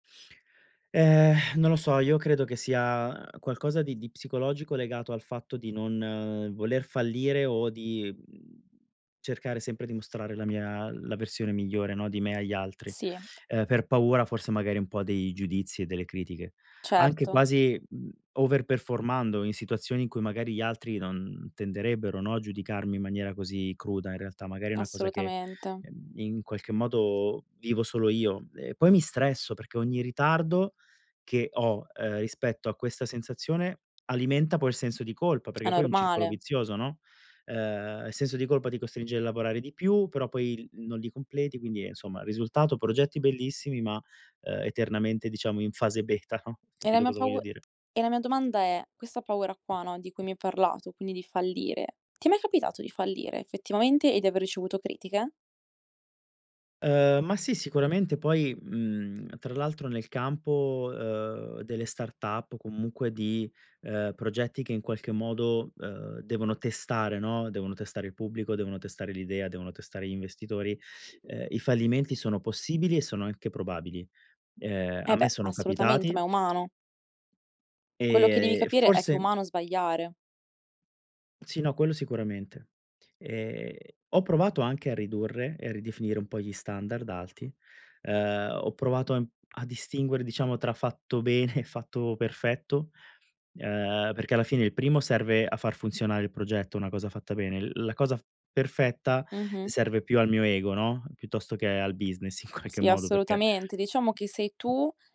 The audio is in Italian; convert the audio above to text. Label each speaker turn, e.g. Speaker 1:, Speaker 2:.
Speaker 1: Eh non lo so, io credo che sia, uhm, qualcosa di di psicologico legato al fatto di non voler fallire o di, mhmm, cercare sempre di mostrare la mia la versione migliore, no, di me agli altri,
Speaker 2: Sì.
Speaker 1: ehm, per paura forse magari un po' dei giudizi e delle critiche. Anche
Speaker 2: Certo.
Speaker 1: quasi, mhmm, over performando in situazioni in cui magari gli altri non tenderebbero, no, a giudicarmi in maniera così cruda in realtà, magari è una cosa che,
Speaker 2: Assolutamente.
Speaker 1: ehm, in qualche modo vivo solo io. E poi mi stresso perché ogni ritardo che ho, ehm, rispetto a questa sensazione alimenta poi il senso di colpa,
Speaker 2: È
Speaker 1: perché poi è un circolo
Speaker 2: normale.
Speaker 1: vizioso, no, ehm, il senso di colpa ti costringe a lavorare di più, però poi il non li completi, quindi insomma, risultato, progetti bellissimi, ma, uhm, eternamente diciamo in fase beta no,
Speaker 2: È la
Speaker 1: capito
Speaker 2: mia
Speaker 1: cosa
Speaker 2: pau
Speaker 1: voglio dire?
Speaker 2: e la mia domanda è, questa paura qua, no, di cui mi hai parlato, quindi di fallire, ti è mai capitato di fallire effettivamente e di aver ricevuto critiche?
Speaker 1: Uhm, ma sì, sicuramente poi, mhmm, tra l'altro nel campo, uhm, delle startup o comunque di, ehm, progetti che in qualche modo, uhm, devono testare, no, devono testare il pubblico, devono testare l'idea, devono testare gli investitori, ehm, i fallimenti sono possibili e sono anche probabili, ehm,
Speaker 2: Eh
Speaker 1: a me
Speaker 2: beh,
Speaker 1: sono
Speaker 2: assolutamente, ma è
Speaker 1: capitati
Speaker 2: umano. Quello che devi
Speaker 1: e e
Speaker 2: capire è che è
Speaker 1: forse
Speaker 2: umano sbagliare.
Speaker 1: Sì, no, quello sicuramente. E ho provato anche a ridurre e a ridefinire un po' gli standard alti. Uhm, ho provato, ehm, a distinguere, diciamo, tra fatto bene e fatto perfetto, ehm, perché alla fine il primo serve a far funzionare il progetto, una cosa fatta bene. L la cosa perfetta
Speaker 2: Mh-mh.
Speaker 1: serve più al mio ego, no, piuttosto che al business in qualche
Speaker 2: Sì,
Speaker 1: modo, perché
Speaker 2: assolutamente diciamo che sei tu